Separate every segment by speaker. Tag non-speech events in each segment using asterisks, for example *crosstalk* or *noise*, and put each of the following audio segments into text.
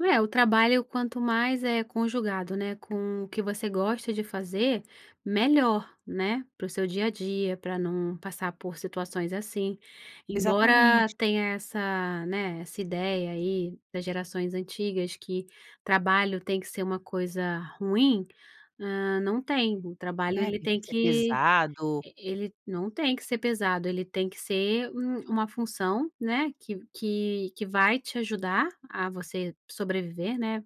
Speaker 1: Não é, o trabalho, quanto mais é conjugado, né, com o que você gosta de fazer, melhor, né, para o seu dia a dia, para não passar por situações assim. Embora
Speaker 2: Exatamente.
Speaker 1: tenha essa, né, essa ideia aí, das gerações antigas, que trabalho tem que ser uma coisa ruim, hã, não tem. O trabalho,
Speaker 2: É,
Speaker 1: ele
Speaker 2: tem que
Speaker 1: tem
Speaker 2: ser
Speaker 1: que
Speaker 2: pesado.
Speaker 1: e ele não tem que ser pesado, ele tem que ser um uma função, né, que v que que vai te ajudar a você sobreviver, né,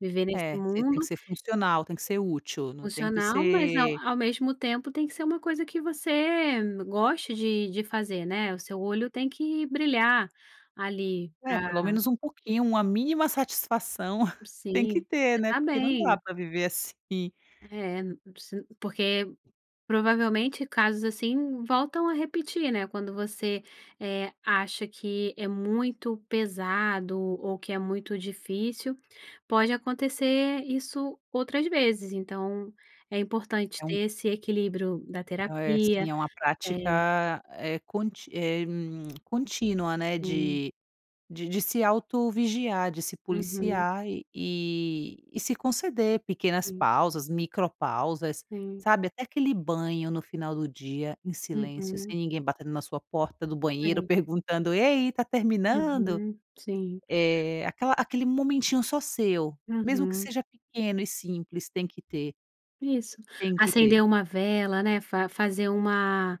Speaker 1: viver nesse
Speaker 2: É, você tem que
Speaker 1: mundo
Speaker 2: ser funcional, tem que ser útil, não tem que
Speaker 1: Funcional, mas ao
Speaker 2: ser
Speaker 1: ao mesmo tempo, tem que ser uma coisa que você goste de de fazer, né, o seu olho tem que brilhar, ali,
Speaker 2: É,
Speaker 1: pra
Speaker 2: pelo menos um pouquinho, uma mínima satisfação *chuckles* tem que
Speaker 1: Sim,
Speaker 2: ter,
Speaker 1: você
Speaker 2: né,
Speaker 1: estar
Speaker 2: porque não dá
Speaker 1: bem.
Speaker 2: para viver assim.
Speaker 1: É, n não preci porque, provavelmente, casos assim voltam a repetir, né, quando você, eh, acha que é muito pesado, ou que é muito difícil, pode acontecer isso outras vezes, então é importante
Speaker 2: É um
Speaker 1: ter esse equilíbrio da
Speaker 2: É o é,
Speaker 1: terapia,
Speaker 2: sim, é uma
Speaker 1: eh
Speaker 2: prática, eh, conti eh, hum, *smacks lips* contínua, né,
Speaker 1: Sim.
Speaker 2: de de de se auto-vigiar, de se
Speaker 1: Uhum.
Speaker 2: policiar e e e se conceder pequenas
Speaker 1: Sim.
Speaker 2: pausas, micropausas,
Speaker 1: Sim.
Speaker 2: sabe, até aquele banho no final do dia em silêncio,
Speaker 1: Uhum.
Speaker 2: sem ninguém batendo na sua porta do banheiro,
Speaker 1: Sei.
Speaker 2: perguntando: "E aí, está terminando?".
Speaker 1: Uhum, sim.
Speaker 2: Eh, aquela aquele momentinho só seu, mesmo que
Speaker 1: Uhum.
Speaker 2: seja pequeno e simples, tem que ter.
Speaker 1: Isso,
Speaker 2: Tem que ter.
Speaker 1: acender uma vela, né, fa fazer uma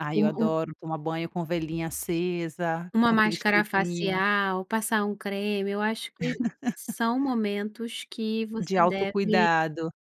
Speaker 2: Ai, eu
Speaker 1: um um
Speaker 2: adoro tomar banho com velinha acesa,
Speaker 1: uma
Speaker 2: com aquele
Speaker 1: máscara
Speaker 2: cheirinho.
Speaker 1: facial, passar um creme. Eu acho que
Speaker 2: *laughs*
Speaker 1: são momentos que
Speaker 2: De
Speaker 1: você deve
Speaker 2: autocuidado.